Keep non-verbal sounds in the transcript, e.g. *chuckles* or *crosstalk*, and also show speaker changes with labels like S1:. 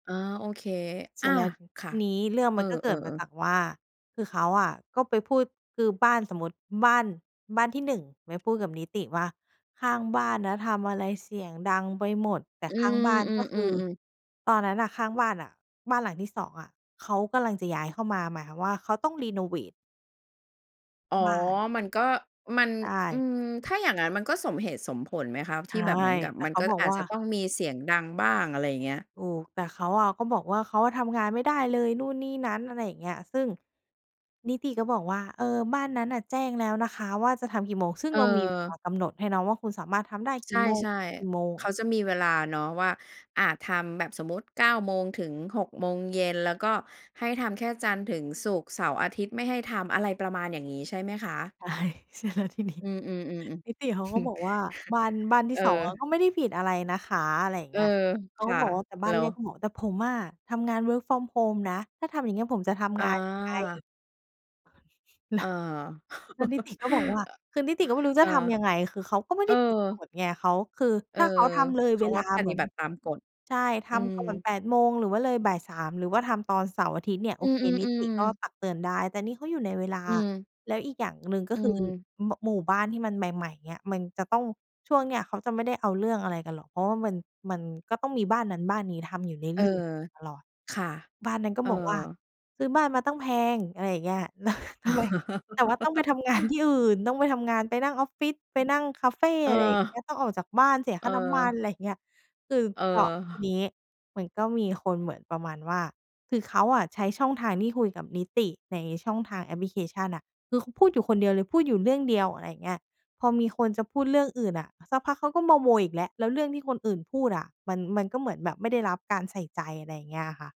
S1: อา โอเค
S2: เส
S1: อ
S2: ร
S1: า
S2: ็จแล้วที
S1: ค่ะ
S2: นี้เรื่อง
S1: เอ
S2: มันก็เก
S1: อ
S2: ิดมา
S1: ๆ ๆ
S2: จากว่า คือเขาอะก็ไปพูด คือบ้าน สมมุติ บ้าน บ้านที่ 1 ไปพูดกับนิติว่า "ข้างบ้านนะทำอะไรเสียงดังไปหมด" แต่
S1: อื
S2: ข้าง
S1: อ
S2: บ้าน
S1: อื
S2: ก็คือ
S1: อ ๆ ๆ
S2: ตอนนั้นน่ะข้างบ้านน่ะ บ้านหลังที่ 2 อะ เขากำลังจะย้ายเข้ามา หมายความว่าเขาต้องเรโนเวต
S1: อ๋อ
S2: บ้าน
S1: มันก็ มัน
S2: ใช
S1: อื
S2: ่
S1: ม ถ้าอย่างงั้นมันก็สมเหตุสมผลไหมคะ?
S2: ใช
S1: ที่
S2: ่
S1: แบบเหมือนกับ
S2: แต่
S1: มัน
S2: เข
S1: ก
S2: า
S1: ็
S2: บอก
S1: อาจ
S2: ว่
S1: จ
S2: า
S1: ะต้องมีเสียงดังบ้าง อะไรอย่างเงี้ย?
S2: โอ้ แต่เขาอะก็บอกว่า เขาอะทำงานไม่ได้เลยนู่นนี่นั้น อะไรอย่างเงี้ย ซึ่งนิติก็บอกว่า "เออ บ้านนั้นน่ะแจ้งแล้วนะคะว่าจะทำกี่โมง" ซึ่งเรามีเวล
S1: เออ
S2: ากำหนดให้เนาะว่า คุณสามารถทำได้ก
S1: ใช
S2: ี่โมง
S1: ่
S2: ถึงกี่โมง
S1: ๆ เข
S2: อะ
S1: าจะมีเวลาเนาะว่า อา ทำแบบสมมุติ 9 โมง ถึง 6 โมงเย็น แล้วก็ให้ทำแค่จันทร์ถึงศุกร์ เสาร์อาทิตย์ไม่ให้ทำ อะไรประมาณอย่างงี้ใช่ไหมคะ?
S2: ใช่ ใช่แล้วทีนี้
S1: อืม ๆ ๆ ๆ *chuckles*
S2: นิติเขาก็บอกว่า "บ้าน บ้านที
S1: เ
S2: ่
S1: ออ
S2: 2 อะก็ไม่ได้ผิดอะไรนะคะ" อะไรอย่าง
S1: เอ
S2: เง
S1: อ
S2: ี้ย เขา
S1: ค
S2: ก็
S1: ่ะ
S2: บอกว่า แต่บ
S1: เ
S2: ้
S1: หร
S2: านแ
S1: อ?
S2: รกก็บอก "แต่ผมอะ ทำงาน work from home นะ ถ้าทำอย่างเงี้ย ผมจะท
S1: อ
S2: ำงานยังไง?"
S1: า
S2: แ
S1: เ
S2: ล
S1: อ
S2: ้
S1: อ
S2: ว แล้วนิต
S1: *chuckles*
S2: ิก็บอกว่า คือนิติก็ไม่รู้
S1: เอ
S2: จ
S1: อ
S2: ะทำยังไง? คือเขาก็ไม่
S1: เอ
S2: ไ
S1: อ
S2: ด้ผิดกฎไง เขา คือ
S1: เอ
S2: ถ
S1: อ
S2: ้าเขาทำเลย
S1: เข
S2: เว
S1: า
S2: ล
S1: อ
S2: า
S1: ะป
S2: เหม
S1: ฏ
S2: ื
S1: ิ
S2: อน
S1: บัติตามกฎ
S2: ใช่ ท
S1: อื
S2: ำ
S1: ม
S2: ก่อน 8 โมง หรือว่าเลยบ่าย 3 หรือว่าทำตอนเสาร์อาทิตย์เนี่ยโ
S1: อ
S2: อ
S1: ื
S2: เค นิติ
S1: ม
S2: ก็
S1: ๆ ๆ
S2: ตักเตือนได้ แต่นี่เขาอยู่ในเวลา
S1: อืม
S2: แล้วอีกอย่างหนึ่งก็
S1: อื
S2: คือ
S1: อ
S2: มะ หมู่บ้านที่มันใหม่ ๆ เนี่ย มันจะต้อง ช่วงเนี้ยเขาจะไม่ได้เอาเรื่องอะไรกันหรอก เพราะว่ามัน มันก็ต้องมีบ้านนั้นบ้านนี้ทำอยู่เร
S1: เออ
S2: ื่อย ๆ ตลอด
S1: ค่ะ
S2: บ้านนั้นก็
S1: เออ
S2: บอกว่า "ซื้อบ้านมาตั้งแพง" อะไรอย่างเงี้ย แล้ว ทำไง? แต่ว่าต้องไปท
S1: *giggles*
S2: ำงานที่อื่น ต้องไปทำงาน ไปนั่งออฟฟิศ ไป
S1: อือ
S2: นั่งคาเฟ
S1: เอ
S2: อะไรอย่างเงี้
S1: อ
S2: ย ต้องออกจากบ้านเสียค่าน้ำมั
S1: เ
S2: น
S1: ออ
S2: ไรเงี้ย สืบ
S1: เ
S2: เสาะ ที
S1: ออ
S2: นี้มันก็มีคนเหมือนประมาณว่า คือเขาอะใช้ช่องทางที่คุยกับนิติในช่องทางแอปพลิเคชันน่ะ คือเขาพูดอยู่คนเดียวเลย พูดอยู่เรื่องเดียว อะไรเงี้ย พอมีคนจะพูดเรื่องอื่นน่ะ สักพักเขาก็มาโวยอีกแล้ว แล้วเรื่องที่คนอื่นพูดอะ มัน มันก็เหมือนแบบไม่ได้รับการใส่ใจ อะไรเงี้ยอะค่ะ